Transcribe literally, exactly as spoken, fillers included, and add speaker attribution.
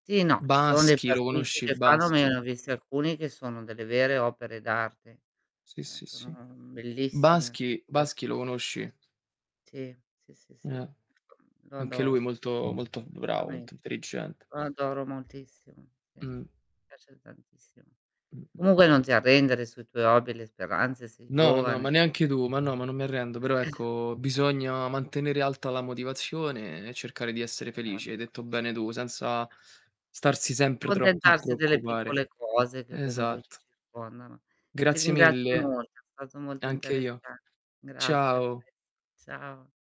Speaker 1: Sì, no, ci sono dei
Speaker 2: Baschi, lo
Speaker 1: pasticci
Speaker 2: conosci
Speaker 1: che fanno, ma io
Speaker 2: Baschi?
Speaker 1: ne ho visti alcuni, che sono delle vere opere d'arte.
Speaker 2: Sì,
Speaker 1: Eh,
Speaker 2: sì, sì.
Speaker 1: sono bellissimio.
Speaker 2: Baschi
Speaker 1: [unintelligible]
Speaker 2: Baschi lo conosci?
Speaker 1: Sì. Sì, sì, sì.
Speaker 2: Eh.
Speaker 1: Lo
Speaker 2: Anche lui
Speaker 1: adoro.
Speaker 2: molto, molto v bravo,
Speaker 1: [unintelligible]
Speaker 2: molto intelligente.
Speaker 1: Lo adoro moltissimo.
Speaker 2: Mh.
Speaker 1: [unintelligible] Mi piace tantissimo.
Speaker 2: Mh, mh, mh.
Speaker 1: Comunque non ti arrendere sui tuoi hobby, le speranze, sei
Speaker 2: No, no,
Speaker 1: giovane.
Speaker 2: ma neanche tu. Ma no, non mi arrendo, però ecco, bisogna mantenere alta la motivazione e cercare di essere felice, hai
Speaker 1: Esatto.
Speaker 2: detto bene tu, senza starsi
Speaker 1: Più
Speaker 2: sempre troppo a
Speaker 1: contentarsi delle
Speaker 2: preoccupare.
Speaker 1: piccole cose che comunque ci
Speaker 2: Esatt
Speaker 1: circondano. Ti
Speaker 2: Grazie
Speaker 1: ringrazio
Speaker 2: mille.
Speaker 1: molto è stato molto
Speaker 2: Anche io.
Speaker 1: interessa grazie a
Speaker 2: Ciao.
Speaker 1: te. Ciao.